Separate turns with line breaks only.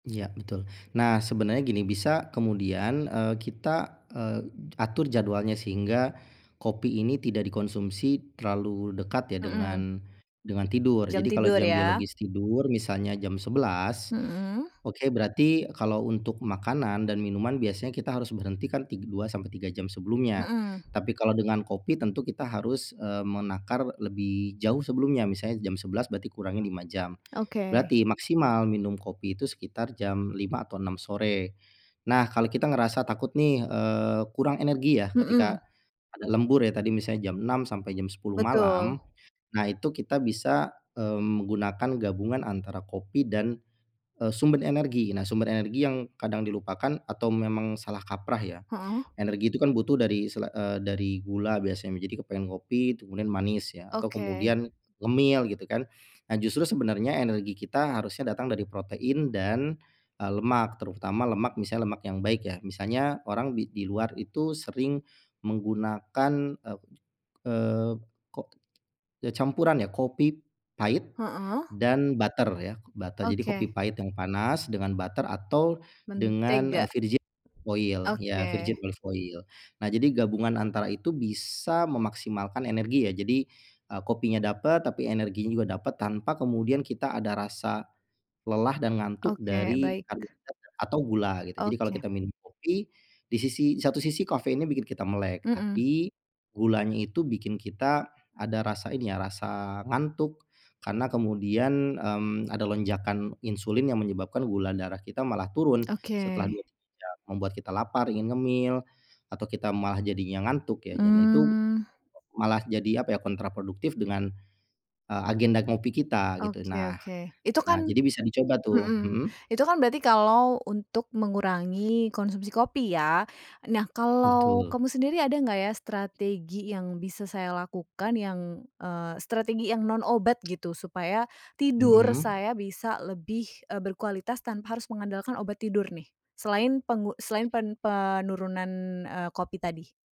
Iya, betul. Nah, sebenarnya gini bisa kemudian, eee, kita, eee, atur jadwalnya sehingga kopi ini tidak dikonsumsi terlalu dekat ya
Mhm.
dengan dengan tidur.
Jam
Jadi kalau
tidur
jam
ya?
biologis tidur misalnya jam 11.00,
Mhm.
oke berarti kalau untuk makanan dan minuman biasanya kita harus berhenti kan tig 2 sampai 3 jam sebelumnya,
Mhm.
tapi kalau dengan kopi tentu kita harus, eee, menakar lebih jauh sebelumnya, misalnya jam 11.00 berarti kurangi 5 jam.
Oke.
Berarti maksimal minum kopi itu sekitar jam 5 atau 6 sore. Nah kalau kita ngerasa takut nih, eee, kurang energi ya, ketika
Mhm.
ada lembur ya, tadi misalnya jam 6.00 sampai jam 10.00
Betul.
malam, nah, itu kita bisa, eee, menggunakan gabungan antara kopi dan, eee, sumber energi. Nah, sumber energi yang kadang dilupakan atau memang salah kaprah ya,
Mhm.
energi itu kan butuh dari sela eee, dari gula biasanya, jadi kepengen ngopi kemudian manis ya, atau
Oke.
kemudian ngemil gitu kan. Nah, justru sebenarnya energi kita harusnya datang dari protein dan, eee, lemak terutama lemak misalnya lemak yang baik ya, misalnya orang di di luar itu sering menggunakan, eee, koco eee, ko ya campuran ya, kopi pahit
Mhm.
dan butter ya, kok butter. Jadi kopi
Oke.
pahit yang panas dengan butter atau dengan, eee,
Mentega.
virgin oil, ya
Oke.
virgin olive oil. Nah, jadi gabungan antara itu bisa memaksimalkan energi ya, jadi, eee, kopinya dapat, tapi energinya juga dapat tanpa kemudian kita ada rasa lelah dan ngantuk
Oke,
dari
baik.
karbohidrat ya atau gula, gitu. Jadi kalau
Oke.
kita minum kopi, di sisi satu sisi kafeinnya bikin kita melek,
Mhm.
tapi gulanya itu bikin kita ada rasa ini ya, rasa ngantuk. Karena kemudian, mmm, ada lonjakan insulin yang menyebabkan gula darah kita malah turun
Oke.
setelah 2, 3 jam membuat kita lapar, ingin ngemil, atau kita malah jadinya ngantuk ya, dan itu
Mmm.
malah jadi, apa ya, kontra produktif dengan, eee, agenda ngopi kita, gitu.
Oke
Nah
oke. Itu
nah
kan
jadi bisa dicoba tuh,
mhm,
mhm?
itu kan berarti kalau untuk mengurangi konsumsi kopi ya, nah kalau
Betul.
kamu sendiri ada enggak ya strategi yang bisa saya lakukan yang, eee, strategi yang non obat gitu, supaya tidur
Hmm.
saya bisa lebih, eee, berkualitas tanpa harus mengandalkan obat tidur nih? Selain penggu selain pen penurunan, eee, kopi tadi.